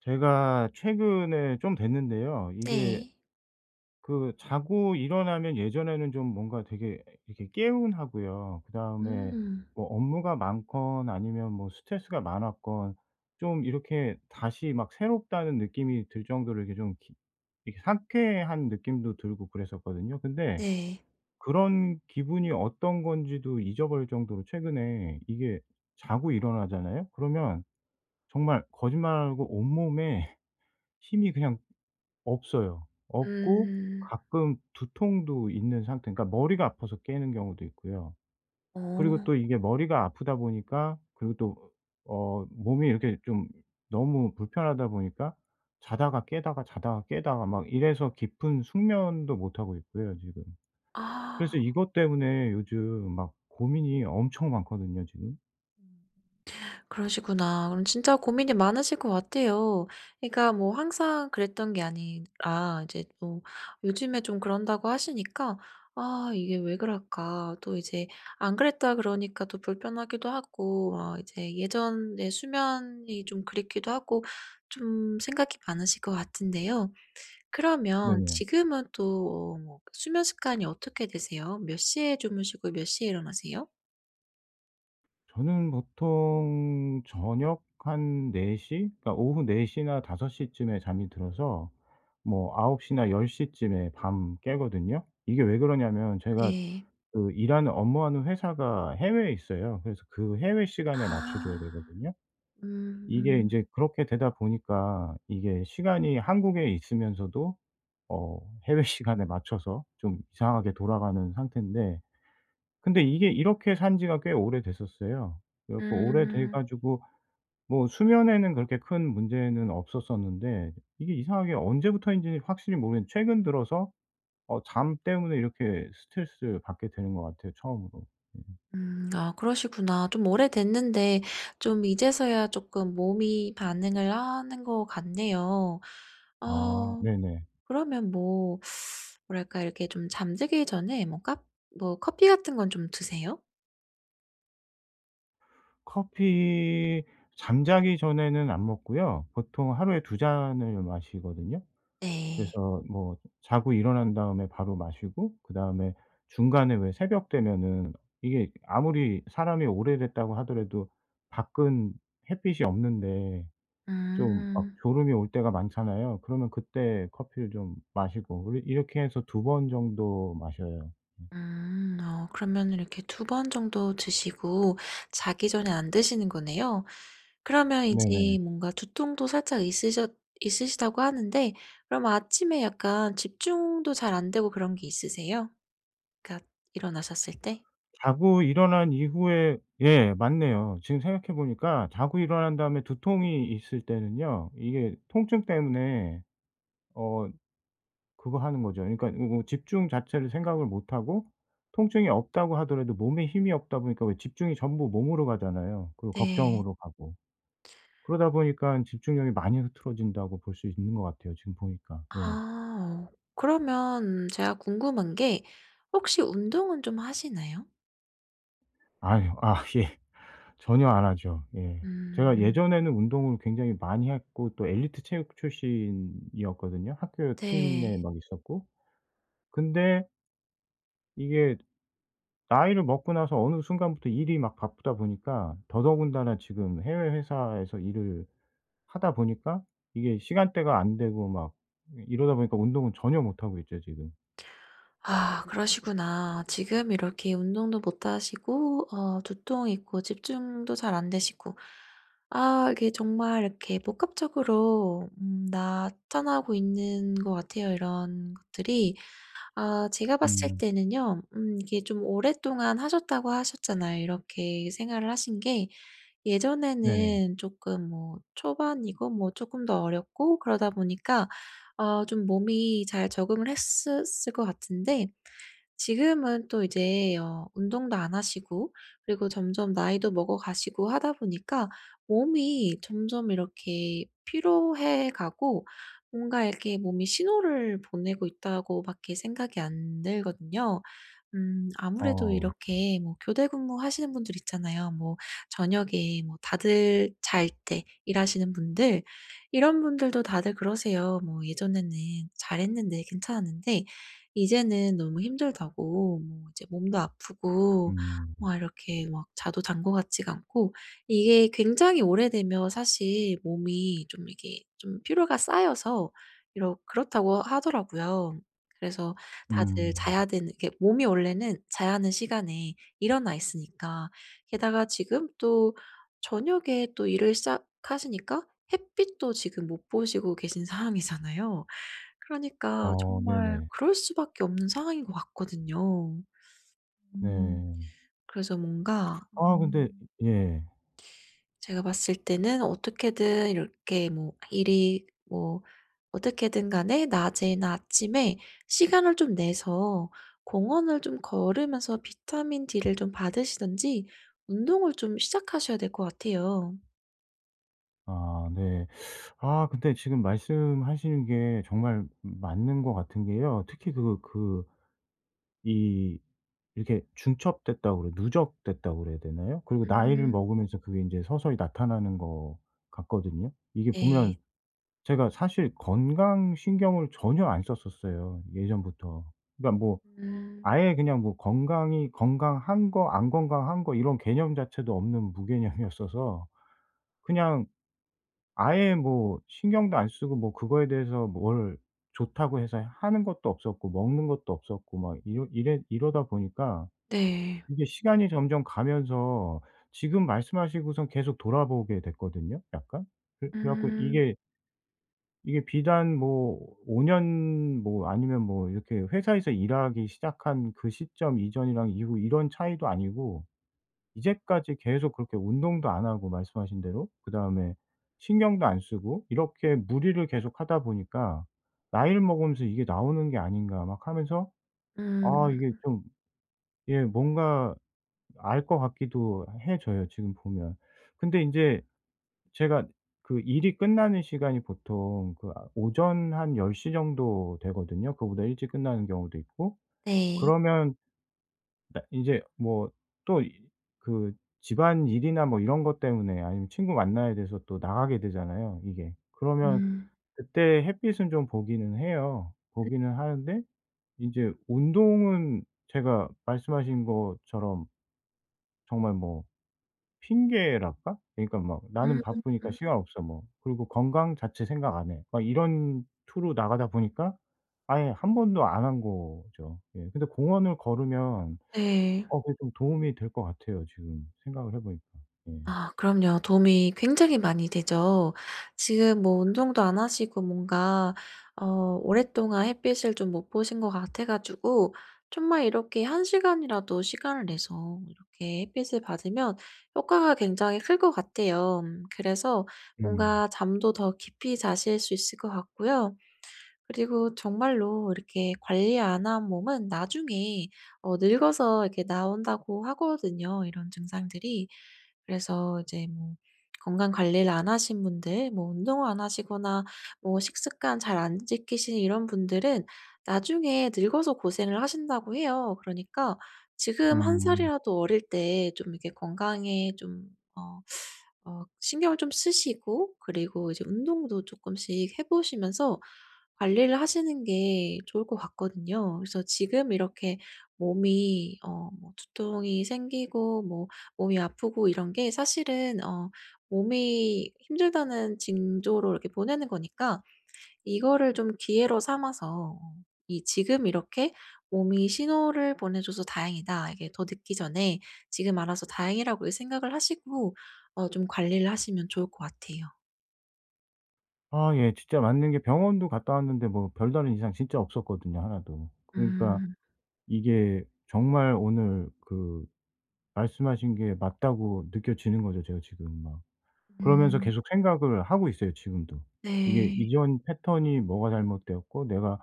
제가 최근에 좀 됐는데요. 이게 네. 그 자고 일어나면 예전에는 좀 뭔가 되게 이렇게 개운하고요. 그 다음에 음. 뭐 업무가 많건 아니면 뭐 스트레스가 많았건 좀 이렇게 다시 막 새롭다는 느낌이 들 정도로 이렇게 좀 기 이렇게 상쾌한 느낌도 들고 그랬었거든요. 근데 네. 그런 기분이 어떤 건지도 잊어버릴 정도로 최근에 이게 자고 일어나잖아요? 그러면 정말 거짓말 안 하고 온몸에 힘이 그냥 없어요. 없고 음. 가끔 두통도 있는 상태, 그러니까 머리가 아파서 깨는 경우도 있고요. 그리고 어. 또 이게 머리가 아프다 보니까 그리고 또 으 어 몸이 이렇게 좀 너무 불편하다 보니까 자다가 깨다가 자다가 깨다가 막 이래서 깊은 숙면도 못하고 있고요 지금. 아. 그래서 이것 때문에 요즘 막 고민이 엄청 많거든요 지금. 음음. 그러시구나. 그럼 진짜 고민이 많으실 것 같아요. 그러니까 뭐 항상 그랬던 게 아니라 이제 또 요즘에 좀 그런다고 하시니까 '아 이게 왜 그럴까?' 또 이제 안 그랬다 그러니까 또 불편하기도 하고 어 이제 예전의 수면이 좀 그립기도 하고 좀 생각이 많으실 것 같은데요. 그러면 네. 지금은 또 어 뭐 수면 습관이 어떻게 되세요? 몇 시에 주무시고 몇 시에 일어나세요? 저는 보통 저녁 한 4:00? 그러니까 오후 4:00 나 5:00 쯤에 잠이 들어서 뭐 9:00 나 10:00 쯤에 밤 깨거든요. 이게 왜 그러냐 하면 제가 네. 그 일하는 업무하는 회사가 해외에 있어요. 그래서 그 해외 시간에 맞춰 줘야 아. 되거든요. 이게 음. 인제 그렇게 되다 보니까 이게 시간이 한국에 있으면서도 어 해외 시간에 맞춰서 좀 이상하게 돌아가는 상태인데 근데 이게 이렇게 산 지가 꽤 오래됐었어요. 그래 갖고 오래돼 음. 가지고 뭐 수면에는 그렇게 큰 문제는 없었었는데 이게 이상하게 언제부터인지는 확실히 모르겠는데 최근 들어서 어 잠 때문에 이렇게 스트레스 받게 되는 것 같아요 처음으로. 음. 음 아 그러시구나. 좀 오래됐는데 좀 이제서야 쪼끔 몸이 반응을 하는 것 같네요. 어 아 네네. 그러면 뭐 뭐랄까 이렇게 좀 잠들기 전에 뭐 까 뭐 커피 같은 건 좀 드세요? 커피 잠자기 전에는 안 먹고요. 보통 하루에 2 잔을 마시거든요. 네. 그래서 뭐 자고 일어난 다음에 바로 마시고 그다음에 중간에 왜 새벽 되면은 이게 아무리 사람이 오래됐다고 하더라도 밖은 햇빛이 없는데 좀 막 음. 졸음이 올 때가 많잖아요. 그러면 그때 커피를 좀 마시고 우리 이렇게 해서 2 번 정도 마셔요. 음. 음 어 그러면은 이렇게 2 번 정도 드시고 자기 전에 안 드시는 거네요. 그러면 네네. 이제 뭔가 두통도 살짝 있으셨 있으시다고 하는데 그럼 아침에 약간 집중도 잘 안되고 그런 게 있으세요? 그러니까 일어나셨을 때? 자고 일어난 이후에 예 맞네요. 지금 생각해 보니까 자고 일어난 다음에 두통이 있을 때는요 이게 통증 때문에 어 그거 하는 거죠. 그러니까 으 뭐 집중 자체를 생각을 못 하고 통증이 없다고 하더라도 몸에 힘이 없다 보니까 왜 집중이 전부 몸으로 가잖아요. 그러고 네. 걱정으로 가고. 그러다 보니깐 집중력이 많이 흐트러진다고 볼 수 있는 것 같아요 지금 보니까. 예. 아어. 그러면 제가 궁금한 게 혹시 운동은 좀 하시나요? 아유. 아 예. 전혀 안 하죠. 예. 제가 음. 예전에는 운동을 굉장히 많이 했고 또 엘리트 체육 출신이었거든요 학교 팀에 네. 막 있었고. 근데 이게 나이를 먹고 나서 어느 순간부터 일이 막 바쁘다 보니까 더더군다나 지금 해외 회사에서 일을 하다 보니까 이게 시간대가 안 되고 막 이 이러다 보니까 운동은 전혀 못 하고 있죠 지금. 아 그러시구나. 지금 이렇게 운동도 못 하시고 어 두통 있고 집중도 잘 안되시고 아 이게 정말 이렇게 복합적으로 음 나타나고 있는 것 같아요 이런 것들이. 아 제가 봤을 음. 때는요 음 이게 좀 오랫동안 하셨다고 하셨잖아요 이렇게 생활을 하신 게. 네. 예전에는 쪼끔 뭐 초반이고 뭐 쪼끔 더 어렸고 그러다 보니까 아 좀 몸이 잘 적응을 했었을 것 같은데 지금은 또 이제 어 운동도 안 하시고 그리고 점점 나이도 먹어 가시고 하다 보니까 몸이 점점 이렇게 피로해 가고 뭔가 이렇게 '몸이 신호를 보내고 있다.'고 밖에 생각이 안 들거든요. 음 아무래도 어. 이렇게 뭐 교대 근무하시는 분들 있잖아요 뭐 저녁에 뭐 다들 잘 때 일하시는 분들 이런 분들도 다들 그러세요. 뭐 "예전에는 잘했는데 괜찮았는데 이제는 너무 힘들다."고 이제 "몸도 아프고 음. 막 이렇게 막 자도 잔 것 같지가 않고." 이게 굉장히 오래되면 사실 "몸이 좀 이게 좀 피로가 쌓여서 이러 그렇다."고 하더라고요. 그래서 다들 음. 자야 되는 이게 몸이 원래는 자야 하는 시간에 일어나 있으니까 게다가 지금 또 저녁에 또 일을 시작하시니까 햇빛도 지금 못 보시고 계신 상황이잖아요. 그러니까 어 정말 네네. 그럴 수밖에 없는 상황인 것 같거든요. 네. 아 음 근데 예. 그래서 뭔가 네. 아 근데 음 예. 제가 봤을 때는 어떻게든 이렇게 뭐 일이 뭐 어떻게든 간에 낮에나 아침에 시간을 좀 내서 공원을 좀 걸으면서 비타민 D를 좀 받으시든지 운동을 좀 시작하셔야 될 것 같아요. 아 네. 아 근데 지금 말씀하시는게 정말 맞는 것 같은 게요. 특히 그거 그 이 이렇게 중첩됐다고 그래 누적됐다고 그래야 되나요? 그리고 나이를 음. 먹으면서 그게 인제 서서히 나타나는 것 같거든요. 이게 보면 네. 제가 사실 건강 신경을 전혀 안 썼었어요 예전부터. 그러니까 뭐 음. 아예 그냥 뭐 건강이 건강한 거, 안 건강한 거 이런 개념 자체도 없는 무개념이었어서 그냥 아예 뭐 신경도 안 쓰고 뭐 그거에 대해서 뭘 좋다고 해서 하는 것도 없었고 먹는 것도 없었고 막 이러 이래 이러다 보니까 네. 이게 시간이 점점 가면서 지금 말씀하시고선 계속 돌아보게 됐거든요 약간. 그 그래 갖고 음. 이게 이게 비단 뭐 5 년 뭐 아니면 뭐 이렇게 회사에서 일하기 시작한 그 시점 이전이랑 이후 이런 차이도 아니고 이제까지 계속 그렇게 운동도 안 하고 말씀하신 대로 그다음에 신경도 안 쓰고 이렇게 무리를 계속 하다 보니까 나이를 먹으면서 이게 나오는 게 아닌가 막 하면서 음. 아 이게 좀 예 뭔가 알 것 같기도 해져요 지금 보면. 근데 인제 제가 그 일이 끝나는 시간이 보통 그 아 오전 한 10:00 정도 되거든요 그거보다 일찍 끝나는 경우도 있고. 네. 그러면 나 인제 뭐 또 이 그 집안일이나 뭐 이런 것 때문에 아니면 친구 만나야 돼서 또 나가게 되잖아요 이게. 그러면 음. 그때 햇빛은 좀 보기는 해요. 읍. 보기는 하는데 인제 운동은 제가 말씀하신 것처럼 정말 뭐 핑계랄까? 그러니까 막 '나는 바쁘니까 음. 시간 없어.' 뭐 그리고 '건강 자체 생각 안 해.' 막 이런 투로 나가다 보니까 아예 1 번도 안 한 거죠. 예. 근데 공원을 걸으면 네. 어 그게 좀 도움이 될 것 같아요 지금 생각을 해 보니까. 예. 아 그럼요. 도움이 굉장히 많이 되죠. 지금 뭐 운동도 안 하시고 뭔가 어 오랫동안 햇빛을 좀 못 보신 것 같아 가지고 정말 이렇게 1 시간이라도 시간을 내서 이렇게 햇빛을 받으면 효과가 굉장히 클 것 같아요. 그래서 음. 뭔가 잠도 더 깊이 자실 수 있을 것 같고요. 그리고 정말로 이렇게 관리 안 한 몸은 나중에 어 늙어서 이렇게 나온다고 하거든요 이런 증상들이. 그래서 이제 뭐 건강 관리를 안 하신 분들 뭐 운동을 안 하시거나 뭐 식습관 잘 안 지키시는 이런 분들은 나중에 늙어서 고생을 하신다고 해요. 그러니까 지금 1 음. 살이라도 어릴 때 좀 이렇게 건강에 좀 어 어 신경을 좀 쓰시고 그리고 이제 운동도 쪼끔씩 해 보시면서 관리를 하시는 게 좋을 것 같거든요. 그래서 지금 이렇게 몸이 어 뭐 두통이 생기고 뭐 몸이 아프고 이런 게 사실은 어 몸이 힘들다는 징조를 이렇게 보내는 거니까 이거를 좀 기회로 삼아서 '이 지금 이렇게 몸이 신호를 보내줘서 다행이다.' 이게 더 늦기 전에 지금 알아서 다행이라고 생각을 하시고 어 좀 관리를 하시면 좋을 것 같아요. 아 예 진짜 맞는 게 병원도 갔다 왔는데 뭐 별다른 이상 진짜 없었거든요 하나도. 그러니까 음. 이게 정말 오늘 그 말씀하신 게 맞다고 느껴지는 거죠 제가 지금 막. 그러면서 음. 계속 생각을 하고 있어요 지금도. 이게 네. 이전 패턴이 뭐가 잘못되었고 내가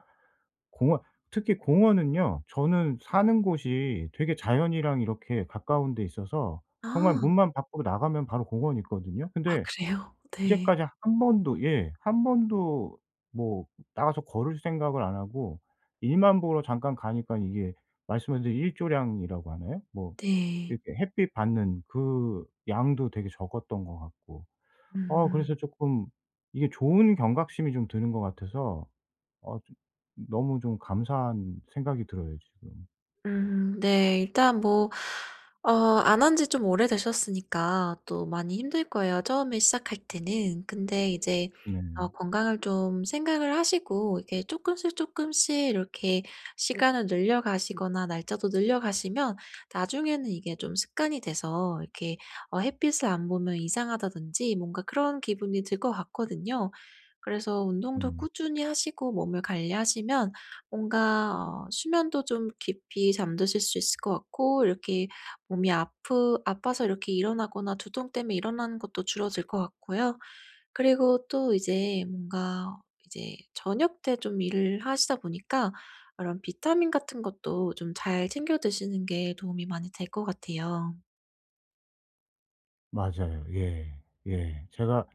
공원 특히 공원은요, 저는 사는 곳이 되게 자연이랑 이렇게 가까운 데 있어서 정말 아. 문만 밖으로 나가면 바로 공원이 있거든요. 아 근데 그래요? 네. 이제까지 1 번도 예 1 번도 뭐 나가서 걸을 생각을 안 하고 일만 보러 잠깐 가니까 이게 말씀한 이제 일조량이라고 하나요? 뭐 네. 이렇게 햇빛 받는 그 양도 되게 적었던 것 같고 어 그래서 음. 쪼끔 이게 좋은 경각심이 좀 드는 것 같아서 어 좀 너무 좀 감사한 생각이 들어요 지금. 음. 네 일단 뭐 어 안 한 지 좀 오래되셨으니까 또 많이 힘들 거예요 처음에 시작할 때는. 근데 이제 어 네. 건강을 좀 생각을 하시고 이게 쪼끔씩 쪼끔씩 이렇게 시간을 늘려가시거나 날짜도 늘려가시면 나중에는 이게 좀 습관이 돼서 이렇게 '어 햇빛을 안 보면 이상하다.'든지 뭔가 그런 기분이 들 것 같거든요. 그래서 운동도 음. 꾸준히 하시고 몸을 관리하시면 뭔가 어 수면도 좀 깊이 잠드실 수 있을 것 같고 이렇게 몸이 아프 아파서 이렇게 일어나거나 두통 때문에 일어나는 것도 줄어들 것 같고요. 그리고 또 이제 뭔가 이제 저녁 때 좀 일을 하시다 보니까 이런 비타민 같은 것도 좀 잘 챙겨 드시는 게 도움이 많이 될 것 같아요. 맞아요. 예. 예. 제가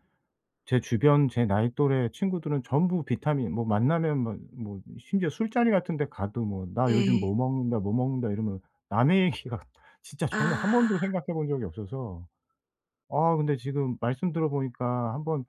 제 주변 제 나이 또래 친구들은 전부 비타민 뭐 만나면 막 뭐 심지어 술자리 같은 데 가도 뭐 "나 요즘 뭐 네. 먹는다. 뭐 먹는다." 이러면 남의 얘기 같 진짜 저는 1 아. 번도 생각해 본 적이 없어서. 아 근데 지금 말씀 들어보니까 한번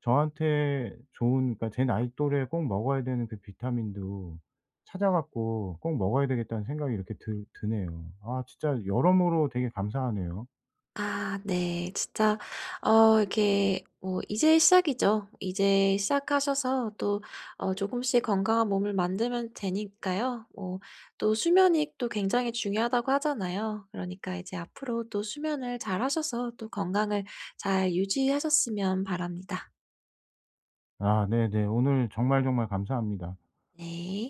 저한테 좋은 그니까 '제 나이 또래에 꼭 먹어야 되는 그 비타민도 찾아 갖고 꼭 먹어야 되겠다.'는 생각이 이렇게 들 드네요. 아 진짜 여러모로 되게 감사하네요. 아. 네. 진짜 어 이렇게 뭐 이제 시작이죠. 이제 시작하셔서 또 어 쪼금씩 건강한 몸을 만들면 되니까요. 뭐 또 수면이 또 굉장히 중요하다고 하잖아요. 그러니까 이제 앞으로 또 수면을 잘하셔서 또 건강을 잘 유지하셨으면 바랍니다. 아 네네. 오늘 정말, 정말 감사합니다. 네.